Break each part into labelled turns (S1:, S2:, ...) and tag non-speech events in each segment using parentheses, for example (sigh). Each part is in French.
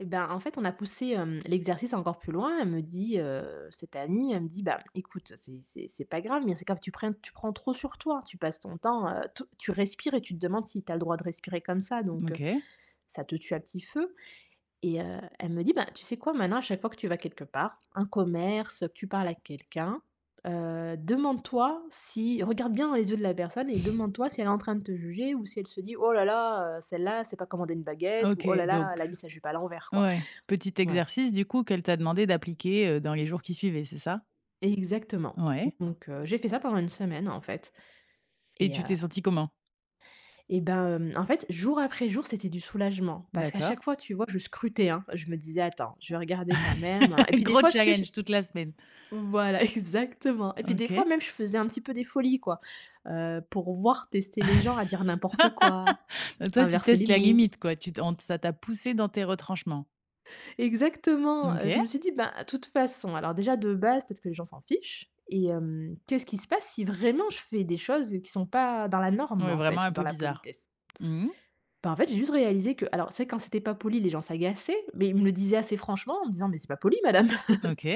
S1: Eh bah, en fait, on a poussé, hem, l'exercice encore plus loin. Elle me dit, heu, cette amie, elle me dit: «Bah, écoute, c'est c'est c'est pas grave, mais c'est que tu prennes tu prends trop sur toi, tu passes ton temps, heu, te tu respires et tu te demandes si tu as le droit de respirer comme ça, donc heu,
S2: OK.
S1: ça te tue à petit feu», et heu, elle me dit: «Ben, tu sais quoi? Maintenant, à chaque fois que tu vas quelque part, un commerce, que tu parles à quelqu'un, heu, demande-toi si regarde bien dans les yeux de la personne, et
S2: (exhales)
S1: demande toi si elle est en train de te juger, ou si elle se dit: "Oh là là, heu, celle-là, elle sait pas commander une
S2: Ah,
S1: baguette" ou
S2: OK,
S1: "Oh là là, elle
S2: donc
S1: a mis sa jupe à l'envers", quoi.»
S2: ouais, petit
S1: ouais.
S2: exercice, du coup, qu'elle t'a demandé d'appliquer, heu, dans les jours qui suivaient, c'est ça?
S1: Exactement,
S2: Ouais.
S1: donc heu, j'ai fait ça pendant une semaine, en fait,
S2: Et
S1: et heu
S2: tu t'es sentie comment?
S1: eh ben, hem, en fait, jour après jour, c'était du soulagement, parce qu'à chaque
S2: D'accord.
S1: fois, tu vois? Je scrutais, hein, je me disais: «Attends, je vais regarder, quand même.» et
S2: (chuckles)
S1: puis, des
S2: Gros
S1: fois, tu sais, je
S2: challenge, toute la semaine!
S1: Voilà, exactement. Et puis des fois,
S2: OK.
S1: même, je faisais un petit peu des folies, quoi. Heu, pour voir, tester les gens à dire n'importe quoi,
S2: (laughs) Bah, toi, tu
S1: inverser les
S2: testes la
S1: mots.
S2: limite, quoi, tu tentes ça t'a poussée dans tes retranchements.
S1: Exactement! Heu, je
S2: OK.
S1: me suis dit: «Ben, de toute façon, alors, déjà, de base, peut-être que les gens s'en fichent, et hem, qu'est-ce qui se passe si, vraiment, je fais des choses qui sont pas dans la norme,
S2: Ouais,
S1: en
S2: vraiment
S1: fait,
S2: un
S1: ou dans
S2: peu
S1: la
S2: bizarre.
S1: politesse?»
S2: Mmh mh.
S1: Bah, en fait, j'ai juste réalisé que alors, c'est vrai, quand c'était pas poli, les gens s'agaçaient, mais ils me le disaient assez franchement, en me disant: «Mais c'est pas poli, madame.»
S2: OK.
S1: (chuckles)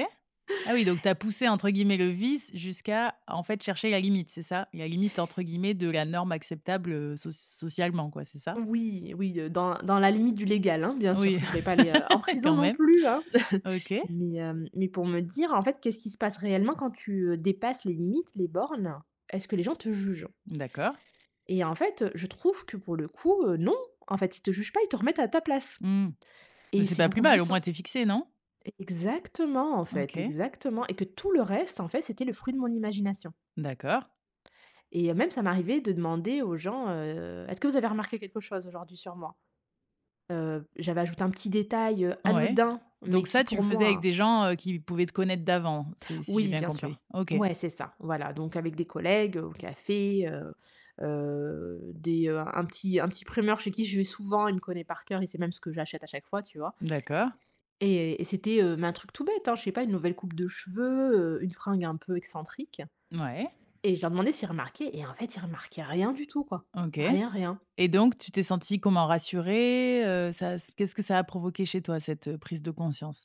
S2: Ah oui, donc tu as poussé, entre guillemets, le «vice» jusqu'à, en fait, chercher la limite, c'est ça? La «limite», entre guillemets, de la norme acceptable, heu, soc socialement, quoi, c'est ça?
S1: Oui, oui, heu, dans dans la limite du légal, hein, bien sûr, parce
S2: Oui,
S1: que je voulais pas aller en
S2: (chuckles)
S1: prison
S2: quand
S1: non
S2: même.
S1: plus, hein? (chuckles)
S2: OK.
S1: Mais hem, mais pour me dire, en fait: «Qu'est-ce qui se passe réellement, quand tu, heu, dépasses les limites, les bornes? Est-ce que les gens te jugent?»
S2: D'accord.
S1: Et en fait, heu, je trouve que, pour le coup, heu, non, en fait, ils te jugent pas, ils te remettent à ta place,
S2: Mmh, mais
S1: et
S2: c'est
S1: c'est
S2: pas plus
S1: beaucoup plus
S2: mal, au
S1: sain
S2: moins, tu es fixée, non?
S1: exactement, en fait,
S2: OK.
S1: exactement, et que tout le reste, en fait, c'était le fruit de mon imagination.
S2: D'accord.
S1: Et même, ça m'arrivait de demander aux gens, heu: «Est-ce que vous avez remarqué quelque chose aujourd'hui sur moi?», heu, j'avais ajouté un petit détail, heu,
S2: Ouais,
S1: anodin, mais
S2: donc
S1: qui,
S2: ça, tu le
S1: pour
S2: faisais
S1: moi,
S2: avec
S1: hein
S2: des gens, heu, qui pouvaient te connaître d'avant, c'est si j'ai
S1: Oui,
S2: bien
S1: bien
S2: compris?
S1: sûr.
S2: OK.
S1: Ouais, c'est ça, voilà, donc avec des collègues, au café, heu heu, des, heu, un petit un petit primeur chez qui je vais souvent, il me connaît par cœur et sait même ce que j'achète à chaque fois, tu vois?
S2: D'accord.
S1: Et et c'était, heu, mais un truc tout bête, hein, je sais pas, une nouvelle coupe de cheveux, heu, une fringue un peu excentrique,
S2: Mouais.
S1: et je leur demandais s'ils remarquaient et en fait, ils remarquaient rien du tout, quoi,
S2: OK,
S1: rien rien.
S2: et donc tu t'es sentie comment, rassurée, heu, ça a s qu'est-ce que ça a provoqué chez toi, cette, heu, prise de conscience?